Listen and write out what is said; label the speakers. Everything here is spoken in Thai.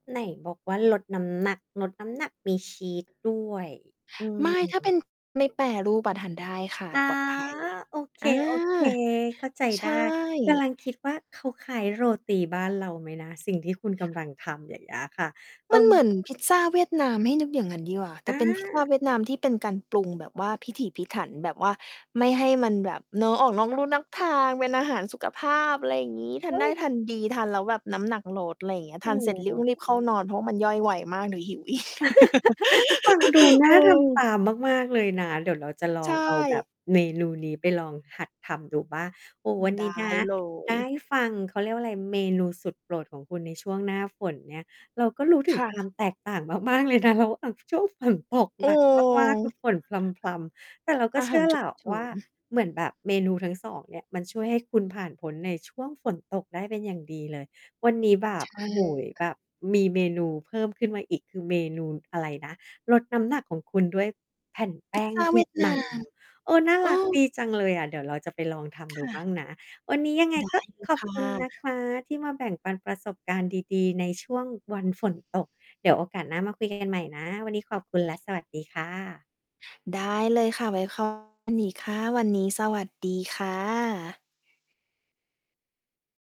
Speaker 1: ไหนบอกว่าลดน้ำหนัก ลดน้ำหนักมีชีสด้วย อื
Speaker 2: ไม่ ถ้าเป
Speaker 1: ม
Speaker 2: ็น ไม่แปรรูป อะทานได้ค่ะ
Speaker 1: คะ
Speaker 2: ปลอดภัย
Speaker 1: โอเค
Speaker 2: อา
Speaker 1: ๆ เข้าใจ
Speaker 2: ใช
Speaker 1: ได้
Speaker 2: ่
Speaker 1: กำลังคิดว่าเขาคล้ายโรตีบ้านเราไหมนะ? สิ่งที่คุณกำลังทำ อย่างเงี้ยค่ะ เออ
Speaker 2: มันเหมือนพิซซ่าเวียดนามให้นึกอย่างงั้นดีกว่า แต
Speaker 1: อ
Speaker 2: ่เป็นพิซซ่า
Speaker 1: า
Speaker 2: เวียดนามที่เป็นการปรุงแบบว่าพิถีพิถัน แบบว่าไม่ให้มันแบบเนาะ ออกนอกลู่นอกทางเป็นอาหารสุขภาพ อะไรอย่างงี้ ท
Speaker 1: เฮ
Speaker 2: าน
Speaker 1: ้
Speaker 2: ได้
Speaker 1: ย
Speaker 2: ทานดี ทานแล้วแบบน้ำหนักลด อะไรอย่างเงี้ย
Speaker 1: โอ
Speaker 2: ท
Speaker 1: ้
Speaker 2: านเสร็จร
Speaker 1: โ
Speaker 2: ี
Speaker 1: ฮ
Speaker 2: บ ๆ เข้านอนเพราะมันย่อยไวมากเดี๋ยวหิวอีก
Speaker 1: ฟังดูน
Speaker 2: เ
Speaker 1: ่
Speaker 2: อ
Speaker 1: าทำต
Speaker 2: อ
Speaker 1: ามมาก ๆ เลยนะ เดี๋ยวเราจะล
Speaker 2: ใ
Speaker 1: อ
Speaker 2: ช
Speaker 1: งเอาแบ
Speaker 2: ่
Speaker 1: บเมนูนี้ไปลองหัดทำดูบ้าง โอ้โฮ วัน
Speaker 2: ได
Speaker 1: น
Speaker 2: ้
Speaker 1: ี้นะ
Speaker 2: เล
Speaker 1: ไ
Speaker 2: ย
Speaker 1: ด้ฟัง เขาเรียกว่าอะไร เมนูสุดโปรดของคุณในช่วงหน้าฝนเนี่ย เราก็รู้ถึ
Speaker 2: ค
Speaker 1: ง
Speaker 2: ่
Speaker 1: คว
Speaker 2: ะ
Speaker 1: ามแตกต่างมาก ๆ เลยนะคะว่า ช่วงฝนตก
Speaker 2: เ
Speaker 1: หนักมาก ๆ คื
Speaker 2: ออ
Speaker 1: อฝนพรำ ๆ แต่เราก็
Speaker 2: อา
Speaker 1: เช
Speaker 2: ห
Speaker 1: ื
Speaker 2: า
Speaker 1: ่อ
Speaker 2: รฉ
Speaker 1: แ
Speaker 2: ุ
Speaker 1: ล
Speaker 2: ก
Speaker 1: ้ว
Speaker 2: เฉิ
Speaker 1: ว่า
Speaker 2: น
Speaker 1: เหมือนแบบเมนูทั้ง 2 เนี่ย มันช่วยให้คุณผ่านพ้นในช่วง ฝนตกได้เป็นอย่างดีเลย วันนี้แบ
Speaker 2: ใช
Speaker 1: บ โอ้โฮ แบ
Speaker 2: ่
Speaker 1: บมีเมนูเพิ่มขึ้นมาอีก คือเมนูอะไรนะ ลดน้ำหนักของคุณด้วยแผ่นแป
Speaker 2: พิ
Speaker 1: ้
Speaker 2: ซ
Speaker 1: ง
Speaker 2: ซ่า
Speaker 1: เว
Speaker 2: เว
Speaker 1: ี
Speaker 2: ี
Speaker 1: ย
Speaker 2: ย
Speaker 1: ด
Speaker 2: ดน
Speaker 1: น
Speaker 2: า
Speaker 1: า
Speaker 2: ม
Speaker 1: ม โอ้ น่า
Speaker 2: เอ
Speaker 1: รัก
Speaker 2: อ
Speaker 1: ดีจังเลยอะ เดี๋ยวเราจะไปลองท
Speaker 2: ค
Speaker 1: ำดู
Speaker 2: ่
Speaker 1: บ
Speaker 2: ะ
Speaker 1: ้างนะ วันนี้ยังไง
Speaker 2: ได้
Speaker 1: ก็
Speaker 2: เล
Speaker 1: ข
Speaker 2: ย
Speaker 1: อ
Speaker 2: ค
Speaker 1: บ
Speaker 2: ่ะ
Speaker 1: คุณนะคะ ที่มาแบ่งปันประสบการณ์ดี ๆ ในช่วงวันฝนตก เดี๋ยวโอกาสหน้ามาคุย กัน ใหม่นะ วันนี้ขอบคุณและสวัสดีค่ะ
Speaker 2: ได้เลยค่ะ ไว้ คุย อีกค่ะ วันนี้สวัสดีค่ะ